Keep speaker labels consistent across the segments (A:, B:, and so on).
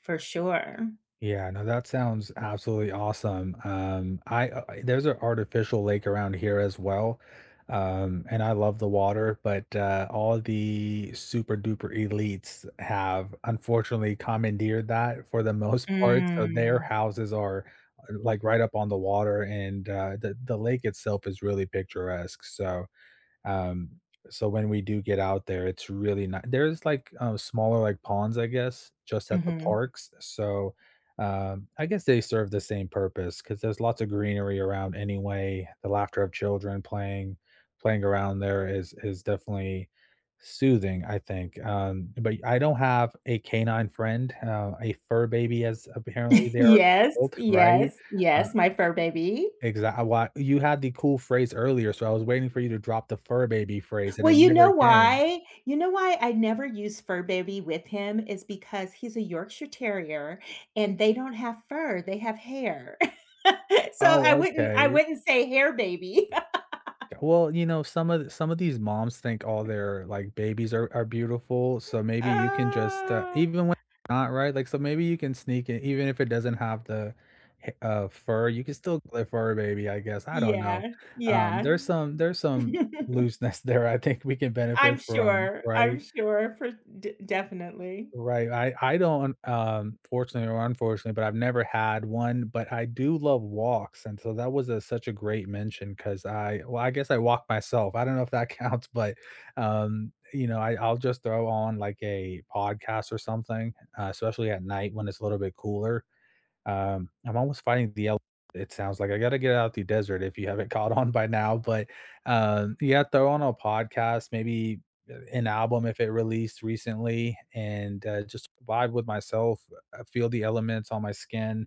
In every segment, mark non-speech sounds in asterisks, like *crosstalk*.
A: For sure.
B: Yeah, no, that sounds absolutely awesome, um, I uh, there's a artificial lake around here as well, um, and I love the water, but, uh, all the super duper elites have unfortunately commandeered that for the most part, so their
A: Mm.
B: houses are are, like, right up on the water, and, uh, the the lake itself is really picturesque, so um so when we do get out there, it's really not there's, like, uh, smaller, like, ponds, I guess? Just at the
A: Mhm.
B: parks, so, uh, I guess they serve the same purpose, 'cause there's lots of greenery around anyway, the laughter of children playing playing around there is is definitely soothing, I think, um, but I don't have a canine friend, uh, a fur baby, as apparently
A: *chuckles*
B: they are
A: Yes,
B: called, right?
A: yes,
B: Uh
A: yes, my fur baby?
B: Exact a lot you had the cool phrase earlier, so I was waiting for you to drop the fur baby phrase and
A: Well,
B: it
A: you know
B: never came.
A: why? You know why I never use "fur baby" with him is because he's a Yorkshire Terrier, and they don't have fur, they have hair. *chuckles* So I
B: Oh,
A: wouldn't I
B: okay.
A: wouldn't say hair baby. *laughs*
B: Ju well, you know, some of some of these moms think all their, like, babies are are beautiful, so maybe you can just, uh,
A: Ah.
B: even when not right, like, so maybe you can sneak it, even if it doesn't have the ha uh, fur, you can still a fur baby, I guess, I don't know,
A: Yeah,
B: um,
A: yeah.
B: there's some there's some
A: *chuckles*
B: looseness there I think we can
A: I'm
B: benefit from,
A: sure, I'm
B: right?
A: sure for de definitely.
B: Right, I I don't, um, fortunately or unfortunately, but I've never had one, but I do love walks, and so that was, uh, such a great mention 'cause I well, I guess I walk myself, I don't know if that counts, but, um, you know, I I'll just throw on, like, a podcast or something, uh, especially at night when it's a little bit cooler. Um, I'm almost finding the el it sounds like, I gotta get out the desert if you haven't caught on by now, but, um, yeah, throw on a podcast, maybe, uh, an album if it released recently and, uh, just vibe with myself, uh, feel the elements on my skin,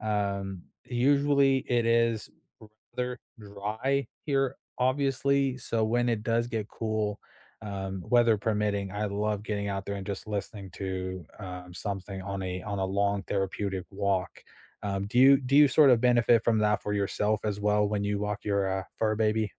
B: um, usually it is rather dry here, obviously, so when it does get cool, um, weather permitting, I love getting out there and just listening to, um, something on a on a long therapeutic walk. Um, do you do you sort of benefit from that for yourself as well when you walk your, uh, fur baby?